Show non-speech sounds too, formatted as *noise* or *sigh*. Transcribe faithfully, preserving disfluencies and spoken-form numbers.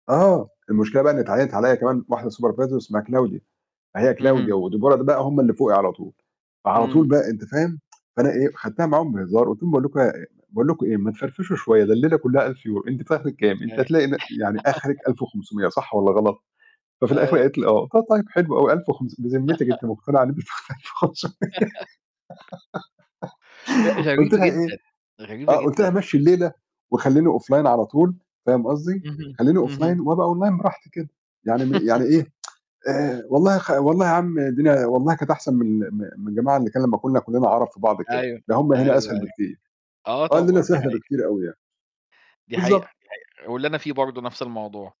آه المشكلة بقى إن اتعيّنت عليّا كمان واحدة supervisor اسمها كلاوديا، أهي اهم. كلاوديا وديبارا دي بقى هُم اللي فوقي على طول، فعلى طول إمم. بقى أنت فاهم؟ *tsk* فأنا إيه خدتها معاهم بهزار قُلت لهم: "باقول لكم إيه يا يا باقول لكم إيه، ما تفرفشوا شوية، ده الليلة كُلّها الف يورو، أنتِ في آخرِك كام؟ أنتِ هتلاقي إن *unintelligible* يعني آخرِك *laughs* الف وخمسمية، صح والّا غلط؟" ففي الآخر أيوه. قالِت لي: "آه"، قُلت: "طيب حلو أوي، الف و خمسمية، بذمتِك أنتِ *laughs* مقتنعة *unintelligible* خُمسُمِيَّة" *laughs* لأ *giggles* غريب قُلت لها إيه، جدًا، غريبة آه، قُلت لها: جدًا. "مشّي الليلة وخلّيني offline على طول،" فاهم قصدي؟ اهم، خليني اهم. offline وأبقى online براحتي كده، يعني م يعني *laughs* إيه *tsk* آآ، والله خ والله يا عم الدنيا والله كانت أحسن من ال م من الجماعة اللي كان لمّا كنّا كُلنا عرب في بعض كده، أيوه، ده هُم هنا أيوه، أسهل أيوه، بكتير، آه آه، الليلة طبعًا دي سهلة حقيقة. بكتير أوي يعني، دي حقيقة، بالضبط. دي حقيقة، واللي أنا فيه برضه نَفْس الموضوع.